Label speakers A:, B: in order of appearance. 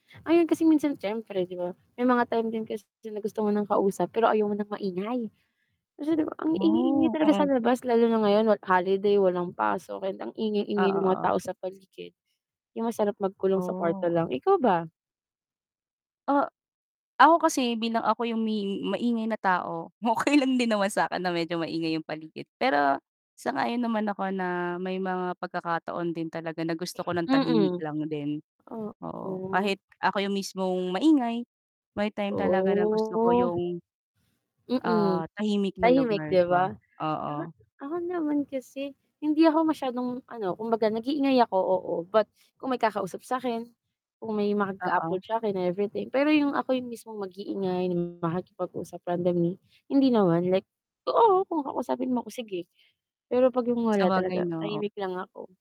A: Ayun, kasi minsan siyempre, 'di ba, may mga time din kasi na gusto mo ng kausap, pero ayaw mo ng maingay. Kasi 'di ba, ang ingay-ingay
B: Oh,
A: talaga sa
B: mm.
A: labas lalo na ngayon, wal holiday walang pasok and ang
B: Oo,
A: ingay-ingay ng mga
B: oo.
A: tao sa paligid, 'yong masarap magkulong sa kwarto
B: Oh.
A: lang, ikaw ba?
B: Ah, ako kasi, bilang ako 'yong may maingay na tao, okey lang din naman sa 'kin na medyo maingay 'yong paligid. Pero sang-ayon naman ako na may mga pagkakataon din talaga na gusto ko ng tahimik
A: Mm,
B: lang din, oo.
A: oo.
B: Kahit ako 'yong mismong maingay, may time talaga na gusto ko
A: Oh.
B: 'yong, ah,
A: Mm,
B: tahimik na
A: tahimik,
B: lugar, 'di
A: 'di
B: ba?
A: ba? Uh-huh,
B: Oo.
A: ako naman kasi, hindi ako masyadong, ano, kumbaga nag-iingay ako, oo, but kung may kakausap sa 'kin, kung may
B: Oo.
A: mag-a-approach sa 'kin, everything. Pero 'yong ako 'yong mismong mag-iingay makipag-usap randomly, hindi naman, like, oo, kung kakausapin mo ako, sige, pero 'pag 'yong wala
B: Sabagay,
A: talaga
B: 'no, o
A: tahimik lang ako.